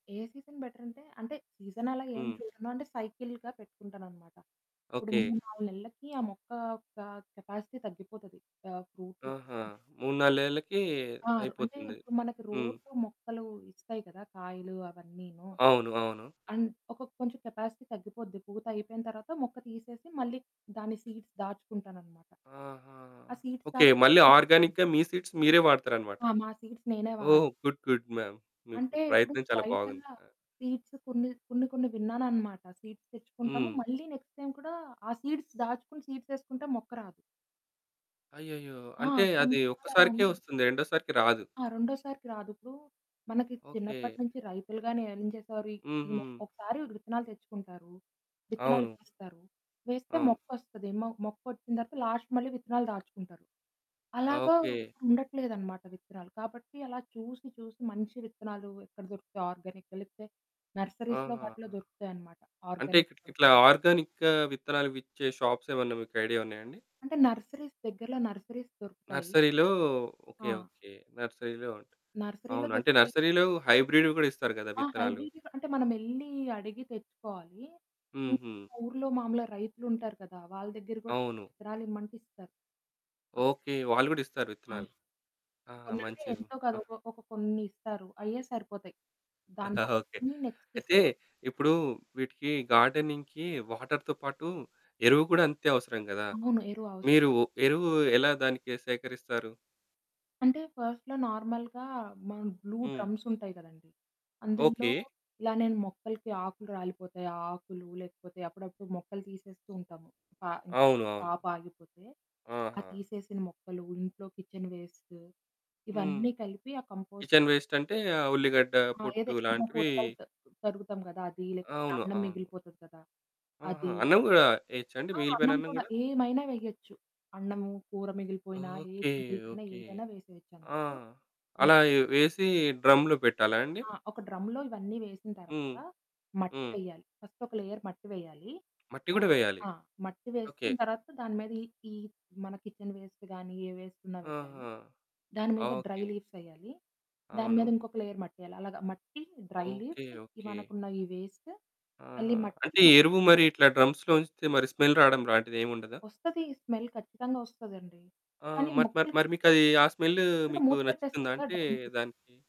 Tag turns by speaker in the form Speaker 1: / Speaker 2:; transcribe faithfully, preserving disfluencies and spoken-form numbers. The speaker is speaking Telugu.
Speaker 1: ఏ సీజన్ బెటరంటే, అంటే సీజన్ అలా ఏం
Speaker 2: హ్మ్.
Speaker 1: చూడను. అంటే సైకిల్‌గా పెట్టుకుంటానన్నమాట. ఇప్పుడు
Speaker 2: ఓకే.
Speaker 1: మూడు నాలుగు నెలలకి ఆ మొక్క యొక్క కెపాసిటీ తగ్గిపోతది. ఆ! ఫ్రూట్స్
Speaker 2: ఆహా! మూడు నాలుగు నెలలకి
Speaker 1: ఆ! అంటే
Speaker 2: అయిపోతుంది.
Speaker 1: ఇప్పుడు మనకు
Speaker 2: హ్మ్.
Speaker 1: రోజు మొక్కలు ఇస్తాయి కదా, కాయలు అవన్నీను.
Speaker 2: అవును, అవును.
Speaker 1: అండ్ ఒక కొంచెం కెపాసిటీ తగ్గిపోద్ది. పూత అయిపోయిన తర్వాత మొక్క తీసేసి మళ్ళీ దాని సీడ్స్ దాచుకుంటానన్నమాట.
Speaker 2: ఆహా!
Speaker 1: ఆ సీడ్స్
Speaker 2: ఓకే.
Speaker 1: దాచుకున్నక
Speaker 2: మళ్ళీ
Speaker 1: [unintelligible]
Speaker 2: ఆర్గానిక్‌గా మీ సీడ్స్ మీరే వాడతారన్నమాట.
Speaker 1: ఆ! మా సీడ్స్ నేనే వాడు
Speaker 2: ఓహ్! గుడ్ గుడ్ మేమ్ మీ
Speaker 1: అంటే
Speaker 2: ఇప్పుడు
Speaker 1: ఇప్పుడు
Speaker 2: ప్రయత్నం చాలా
Speaker 1: బయట
Speaker 2: బాగుంది. ఆ!
Speaker 1: సీడ్స్ కొన్ని, కొన్ని, కొన్ని విన్నానన్నమాట. సీడ్స్ తెచ్చుకుంటాము,
Speaker 2: హ్మ్.
Speaker 1: మళ్ళీ నెక్స్ట్ టైమ్ కూడా ఆ సీడ్స్ దాచుకొని సీడ్స్ ఎసుకుంటే మొక్క రాదు.
Speaker 2: అయ్యయ్యో!
Speaker 1: ఆ!
Speaker 2: అంటే
Speaker 1: కొన్ని
Speaker 2: అది
Speaker 1: రకాలు అలా
Speaker 2: ఒక్కసారికే
Speaker 1: ఉన్నాయి.
Speaker 2: వస్తుంది, రెండోసారికి రాదు.
Speaker 1: ఆ! రెండోసారికి రాదు. ఇప్పుడు మనకి
Speaker 2: ఓకే.
Speaker 1: చిన్నప్పటినుంచి రైతులు గానీ ఏం చేసేవారు? ఈ ఈ మొక్క
Speaker 2: హుహు.
Speaker 1: ఒకసారి విత్తనాలు తెచ్చుకుంటారు, విత్తనాలు
Speaker 2: అవును.
Speaker 1: వేస్తారు, వేస్తే
Speaker 2: అవును.
Speaker 1: మొక్కోస్తది. మొ మొక్కోచ్చిన తర్వాత లాస్ట్ మళ్ళీ విత్తనాలు దాచుకుంటారు. అలాగా
Speaker 2: ఓకే.
Speaker 1: ఇప్పుడు ఉండట్లేదనమాట విత్తనాలు. కాబట్టి అలా చూసి చూసి మంచి విత్తనాలు ఎక్కడ దొరుకుతాయి? ఆర్గానికెలితే నర్సరీస్‌లో వాటిలో
Speaker 2: ఆహాహా!
Speaker 1: దొరుకుతాయి అనమాట
Speaker 2: అంటే
Speaker 1: ఆర్గానిక్
Speaker 2: ఇట్ల ఇట్లా
Speaker 1: విత్తనాలు.
Speaker 2: ఆర్గానిక్‌ విత్తనాలు విచ్చే షాప్స్ ఏమన్నా మీకు ఐడియా ఉన్నాయా అండి?
Speaker 1: అంటే నర్సరీస్ దగ్గరలో నర్సరీస్‌ దొరుకుతాయి.
Speaker 2: నర్సరీలో ఓకే,
Speaker 1: ఆ!
Speaker 2: ఓకే. నర్సరీలో ఉంటాయి.
Speaker 1: నర్సరీలో
Speaker 2: అవును, అంటే
Speaker 1: దొరుకుతాయి.
Speaker 2: నర్సరీలో హైబ్రిడ్‌వి కూడా ఇస్తారు గదా
Speaker 1: ఆ!
Speaker 2: విత్తనాలు?
Speaker 1: హైబ్రిడ్ కూడా అంటే మనమేల్లీ అడిగి తెచ్చుకోవాలి. ఊ
Speaker 2: హుహు.
Speaker 1: ఊర్లో మామూలుగా రైతులు ఉంటారు కదా! వాళ్ళ దగ్గర కూడా
Speaker 2: అవును.
Speaker 1: విత్తనాలు ఇమ్మంటే ఇస్తారు.
Speaker 2: ఓకే. వాళ్ళు కూడా ఇస్తారు
Speaker 1: ఆ!
Speaker 2: విత్తనాలు. ఆ!
Speaker 1: అవును అంటే
Speaker 2: మంచిది.
Speaker 1: ఎంతో
Speaker 2: ఆ!
Speaker 1: కాదు ఒక ఒక కొన్ని ఇస్తారు. అయ్యే సరిపోతాయి. దాన్ని
Speaker 2: ఓకే.
Speaker 1: [unintelligible] నెక్స్ట్ స్
Speaker 2: అయితే ఇప్పుడు వీటికి గార్డెనింగ్‌కి వాటర్‌తో పాటు ఎరువు కూడా అంతే అవసరం గదా!
Speaker 1: అవును. ఎరువు అవస
Speaker 2: మీరు ఎరువు ఎలా దానికి సేకరిస్తారు?
Speaker 1: అంటే ఫస్ట్‌లో నార్మల్‌గా మన బ్లూ
Speaker 2: హ్మ్.
Speaker 1: డ్రమ్స్ ఉంటాయి కదండీ. అందులో
Speaker 2: ఓకే.
Speaker 1: ఇలా నేను మొక్కలకి ఆకులు రాలిపోతాయి ఆ ఆకులు లేకపోతే అప్పుడప్పుడు మొక్కలు తీసేస్తూ ఉంటాము ప ఇంక
Speaker 2: అవును, అవును.
Speaker 1: క్రాప్ ఆగిపోతే, ఆ
Speaker 2: ఆహా!
Speaker 1: తీసేసిన మొక్కలు, ఇంట్లో కిచెన్ వేస్టు
Speaker 2: హ్మ్.
Speaker 1: ఇవన్నీ కలిపి ఆ కంపోస్ట్
Speaker 2: కిచెన్ వేస్టంటే ఉల్లిగడ్డ,
Speaker 1: ఆ!
Speaker 2: పొట్టు
Speaker 1: అదే ఉన్న
Speaker 2: లాంటివి
Speaker 1: కూరగాయలు త తరుగుతాం కదా! అది లేకపోతే
Speaker 2: అవును,
Speaker 1: అన్నం
Speaker 2: అవును.
Speaker 1: మిగిలిపోతది కదా!
Speaker 2: ఆహా!
Speaker 1: అది.
Speaker 2: అన్నం గూడా ఎయొచ్చా అండి?
Speaker 1: ఆ!
Speaker 2: మిగిలిపోయిన
Speaker 1: అన్నం
Speaker 2: అన్నం
Speaker 1: కూడా
Speaker 2: కూడా?
Speaker 1: ఏమైనా వేయొచ్చు. అన్నము, కూర మిగిలిపోయినా ఏది
Speaker 2: ఓకే,
Speaker 1: మిగిలిపోయినా
Speaker 2: ఓకే.
Speaker 1: ఏదైనా వేసేయొచ్చు.
Speaker 2: ఆ!
Speaker 1: అందుట్లో
Speaker 2: అలా
Speaker 1: వేసి
Speaker 2: వేసి డ్రమ్‌లో పెట్టాలా అండి?
Speaker 1: ఆ! ఒక డ్రమ్‌లో ఇవన్నీ వేసిన
Speaker 2: హ్మ్,
Speaker 1: తర్వాత మట్టి
Speaker 2: హ్మ్.
Speaker 1: వేయాలి. ఫస్ట్ ఒక లేయర్ మట్టి వేయాలి.
Speaker 2: మట్టి
Speaker 1: మట్
Speaker 2: కూడా వేయాలి.
Speaker 1: ఆ! మట్టి
Speaker 2: ఓకే.
Speaker 1: వేసిన తర్వాత దాని మీద ఈ ఈ మన కిచెన్ వేస్ట్ గానీ, ఏ వేస్టున్న వేయాలి.
Speaker 2: ఆహా!
Speaker 1: దాని మీద డ్రై
Speaker 2: ఓకే.
Speaker 1: లీవ్స్ ఎయాలి. దాని మీద
Speaker 2: అవును.
Speaker 1: ఇంకొక లేయర్ మట్టేయాలి. అలాగే మట్టి, డ్రై లీవ్స్
Speaker 2: ఓకే, ఓకే.
Speaker 1: మనకున్న ఈ వేస్ట్ మళ్ళీ
Speaker 2: ఆహా!
Speaker 1: మట్టి,
Speaker 2: అంటే
Speaker 1: మట్టి
Speaker 2: ఎరువు
Speaker 1: రెండు
Speaker 2: మరి ఇట్లా డ్రమ్స్‌లో ఉంచితే మరి స్మెల్ రావడం లాంటిది ఏముండదా?
Speaker 1: ఓస్తది స్మెల్ ఖచ్చితంగా ఓస్తాదండి.
Speaker 2: ఆ!
Speaker 1: కానీ
Speaker 2: మరి మరి మరి
Speaker 1: మొక్కలుకి
Speaker 2: మీకది ఆ స్మెలు
Speaker 1: అప్పుడు
Speaker 2: మీకు
Speaker 1: మూత పెట్టేస్తాం
Speaker 2: నచ్చుతుందా?
Speaker 1: కదా
Speaker 2: అంటే
Speaker 1: డ్రమ్‌కి.
Speaker 2: దానికి